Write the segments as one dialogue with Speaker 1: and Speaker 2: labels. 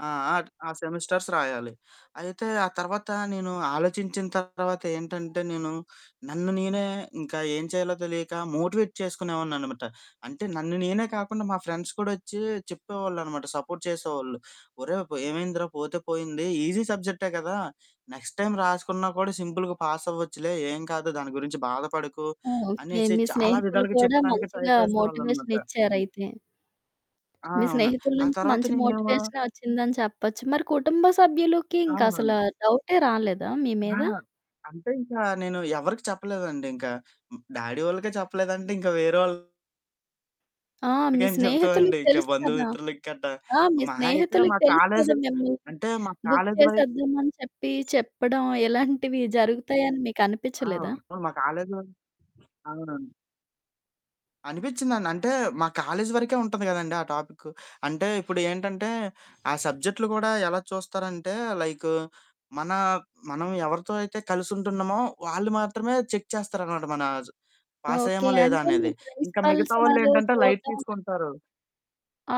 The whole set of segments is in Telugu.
Speaker 1: ఆ! ఆ సెమిస్టర్స్ రాయాలి. అయితే ఆ తర్వాత నేను ఆలోచించిన తర్వాత ఏంటంటే, నేను నన్ను నేనే ఇంకా ఏం చేయాలో తెలియక మోటివేట్ చేసుకునేవాడిని అనమాట. అంటే నన్ను నేనే కాకుండా మా ఫ్రెండ్స్ కూడా వచ్చి చెప్పేవాళ్ళు అనమాట, సపోర్ట్ చేసేవాళ్ళు. "ఒరేయ్! ఏమైందిరా? పోతే పోయింది. ఈజీ సబ్జెక్టే కదా! నెక్స్ట్ టైం రాసుకున్నా కూడా సింపుల్‌గా పాస్ అవ్వచ్చులే. ఏం కాదు. దాని గురించి బాధపడకు"
Speaker 2: ఓకే.
Speaker 1: అనేసి
Speaker 2: మీ
Speaker 1: చాలా
Speaker 2: స్నేహితులు
Speaker 1: విధాలుగా
Speaker 2: కూడా
Speaker 1: చెప్పడానికి ట్రై
Speaker 2: మంచిగా
Speaker 1: చేసేవాళ్ళు
Speaker 2: మోటివేషన్
Speaker 1: అనమాట.
Speaker 2: ఇచ్చారు అయితే.
Speaker 1: ఆ!
Speaker 2: మీ
Speaker 1: అవునండి.
Speaker 2: స్నేహితుల
Speaker 1: ఆ
Speaker 2: నుంచి
Speaker 1: తర్వాత
Speaker 2: మంచి
Speaker 1: నేనేమో
Speaker 2: మోటివేషనే వచ్చిందని చెప్పొచ్చు. మరి కుటుంబ సభ్యులకి ఇంకా అసలు
Speaker 1: అవునండి.
Speaker 2: డౌటే రాలేదా మీ
Speaker 1: ఆ!
Speaker 2: మీద?
Speaker 1: అంటే ఇంకా నేను ఎవరికీ చెప్పలేదండి. ఇంకా డ్యాడీ వాళ్ళకే చెప్పలేదంటే ఇంకా వెరోళ్ళకేం
Speaker 2: ఆ! మీ
Speaker 1: చెప్తామండి.
Speaker 2: స్నేహితులకి
Speaker 1: ఇంకా
Speaker 2: తెలుసు కదా!
Speaker 1: బంధుమిత్రుల గట్ట.
Speaker 2: ఆ! మీ
Speaker 1: మహా అయితే
Speaker 2: స్నేహితులకి
Speaker 1: మా
Speaker 2: తెలుసు కదా
Speaker 1: కాలేజి
Speaker 2: మిమ్మల్ని
Speaker 1: అంటే మా
Speaker 2: బుక్
Speaker 1: కాలేజి వై
Speaker 2: చేసేద్దాం అని చెప్పి చెప్పడం ఇలాంటివి జరుగుతాయని మీకనిపిచలేదా?
Speaker 1: అవును. మా కాలేజిలో అవునండి. అనిపిచిందండి. అంటే మా కాలేజ్ వరకే ఉంటుంది కదండీ ఆ టాపిక్కు. అంటే ఇప్పుడు ఏంటంటే, ఆ సబ్జెక్ట్‌లు కూడా ఎలా చూస్తారంటే లైకు మన మనం ఎవరితో అయితే కలిసి ఉంటున్నామో వాళ్ళు మాత్రమే చెక్ చేస్తారనమాట. మన పాస్
Speaker 2: ఓకే.
Speaker 1: అయ్యామా లేదా
Speaker 2: అంటే మీ
Speaker 1: అనేది. ఇంకా
Speaker 2: ప్రిన్సిపల్
Speaker 1: మిగతా వాళ్ళు
Speaker 2: సారూ
Speaker 1: ఏంటంటే లైట్
Speaker 2: చూడ్డం [unintelligible]
Speaker 1: తీసుకుంటారు.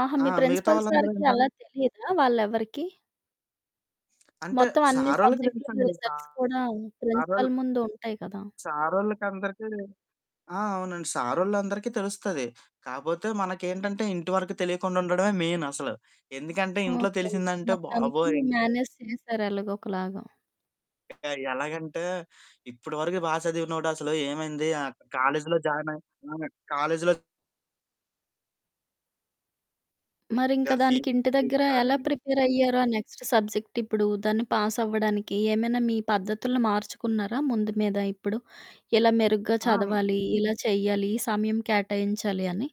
Speaker 2: ఆహా!
Speaker 1: ఆ!
Speaker 2: మీ
Speaker 1: మిగతా
Speaker 2: ప్రిన్సిపల్
Speaker 1: వాళ్ళందరూ
Speaker 2: సార్‌కి
Speaker 1: ఏంటంటే
Speaker 2: అలా తెలియదా? వాళ్లెవరికీ?
Speaker 1: అంటే
Speaker 2: మొత్తం అన్ని
Speaker 1: సారోళ్ళకి
Speaker 2: సబ్జెక్ట్‌లు
Speaker 1: తెలుసండి.
Speaker 2: రిజల్ట్స్ కూడా
Speaker 1: సారొల్
Speaker 2: ప్రిన్సిపల్ ముందు ఉంటాయి కదా!
Speaker 1: సారోళ్ళకందరికీ ఆ! అవునండి. సారోళ్లందరికి తెలుస్తది. కాపోతే మనకేంటంటే ఇంటి వరకు తెలియకుండా ఉండడమే మెయిన్ అసలు. ఎందుకంటే ఇంట్లో
Speaker 2: ఓకే.
Speaker 1: తెలిసిందంటే
Speaker 2: మొత్తానికి
Speaker 1: బాబోయ్! ఇంక్
Speaker 2: మేనేజ్ చేసారు ఎలాగో ఒకలాగా.
Speaker 1: ఎలాగంటే ఇప్పటి వరకు బా చదివినోడు అసలు ఏమైంది? కాలేజిలో జాయిన్ అయ్యి. ఆ! కాలేజిలో
Speaker 2: మరింక దానికి ఇంటి దగ్గర ఎలా
Speaker 1: [unintelligible]
Speaker 2: ప్రిపేర్ అయ్యారు? ఆ నెక్స్ట్ సబ్జెక్ట్ ఇప్పుడు దాన్ని పాస్ అవ్వడానికి ఏమైనా మీ పద్ధతులు మార్చుకున్నారా ముందు మీద? ఇప్పుడు, ఇలా మెరుగ్గా
Speaker 1: ఆ!
Speaker 2: చదవాలి, ఇలా చెయ్యాలి, ఈ సమయం కేటాయించాలి అని.